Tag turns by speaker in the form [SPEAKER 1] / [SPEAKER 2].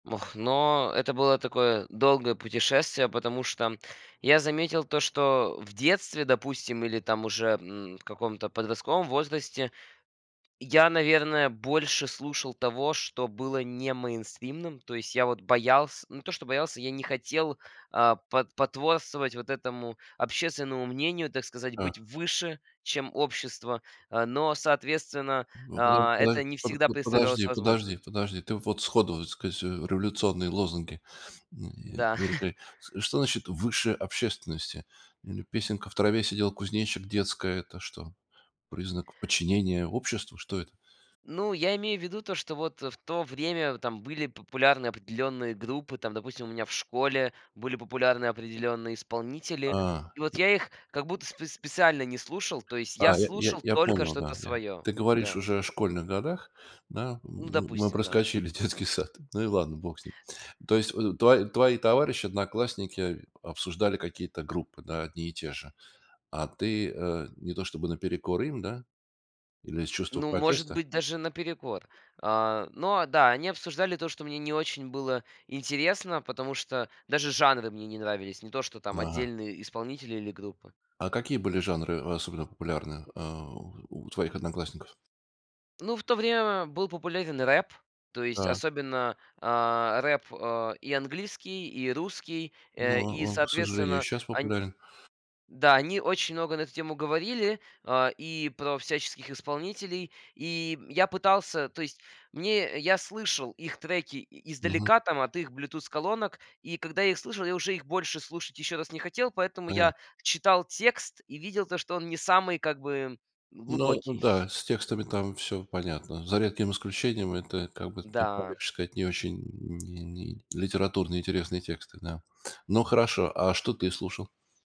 [SPEAKER 1] Ох. Но это было такое долгое путешествие, потому что я заметил то, что в детстве, допустим, или там уже, м, в каком-то подростковом возрасте, я, наверное, больше слушал того, что было не мейнстримным. То есть, я вот боялся, не то что боялся, я не хотел, а, по потворствовать вот этому общественному мнению, так сказать,
[SPEAKER 2] Э.
[SPEAKER 1] быть выше, чем общество. Э, но, соответственно,
[SPEAKER 2] М, подо
[SPEAKER 1] а,
[SPEAKER 2] подо
[SPEAKER 1] это не
[SPEAKER 2] подо
[SPEAKER 1] всегда
[SPEAKER 2] вот,
[SPEAKER 1] представлялось
[SPEAKER 2] подожди,
[SPEAKER 1] возможным.
[SPEAKER 2] подожди, подожди. Ты вот сходу, так сказать, э, революционные лозунги.
[SPEAKER 1] Да.
[SPEAKER 2] [unintelligible] Что значит выше общественности? М, песенка "В траве сидел кузнечик" детская. Это что, признак подчинения обществу? Что это?
[SPEAKER 1] Ну, я имею в виду то, что вот в то время там были популярны определённые группы, там, допустим, у меня в школе были популярны определённые исполнители,
[SPEAKER 2] А,
[SPEAKER 1] и вот
[SPEAKER 2] э.
[SPEAKER 1] я их как будто спец специально не слушал, то есть я
[SPEAKER 2] А, я я
[SPEAKER 1] слушал
[SPEAKER 2] я
[SPEAKER 1] только
[SPEAKER 2] понял,
[SPEAKER 1] что-то
[SPEAKER 2] да, я.
[SPEAKER 1] своё,
[SPEAKER 2] Ты говоришь
[SPEAKER 1] да.
[SPEAKER 2] уже о школьных годах, да,
[SPEAKER 1] Ну,
[SPEAKER 2] м мы
[SPEAKER 1] допустим, да.
[SPEAKER 2] проскочили детский сад. Ну и ладно, бог с ним. То есть, в твои твои товарищи, одноклассники обсуждали какие-то группы, да, одни и те же. А ты, э, не то чтобы наперекор им, да? Или из чувства
[SPEAKER 1] Ну, может
[SPEAKER 2] протеста?
[SPEAKER 1] быть, даже наперекор. А, но, а да, они обсуждали то, что мне не очень было интересно, потому что даже жанры мне не нравились, не то, что там
[SPEAKER 2] Ага.
[SPEAKER 1] отдельные исполнители или группы.
[SPEAKER 2] А какие были жанры особенно популярны, э, у твоих одноклассников?
[SPEAKER 1] Ну, в то время был популярен рэп, то есть
[SPEAKER 2] Так.
[SPEAKER 1] особенно, а, рэп, э, и английский, и русский,
[SPEAKER 2] Но
[SPEAKER 1] э, и
[SPEAKER 2] он к сожалению и
[SPEAKER 1] соответственно,
[SPEAKER 2] щас
[SPEAKER 1] ань
[SPEAKER 2] популярен.
[SPEAKER 1] да, они очень много на эту тему говорили, а, и про всяческих исполнителей. И я пытался, то есть мне, я слышал их треки и
[SPEAKER 2] Мгм.
[SPEAKER 1] издалека, там, от их bluetooth-колонок, и когда я их слышал, я уже их больше слушать ещё раз не хотел, поэтому
[SPEAKER 2] Понятно.
[SPEAKER 1] я читал текст и видел то, что он не самый как бы
[SPEAKER 2] Ну, ну
[SPEAKER 1] глубокий.
[SPEAKER 2] да, с текстами там всё понятно. За редким исключением это, как бы так
[SPEAKER 1] Да.
[SPEAKER 2] помягче сказать, не очень ни не литературно интересные тексты, да. Ну, хорошо. А что ты слушал?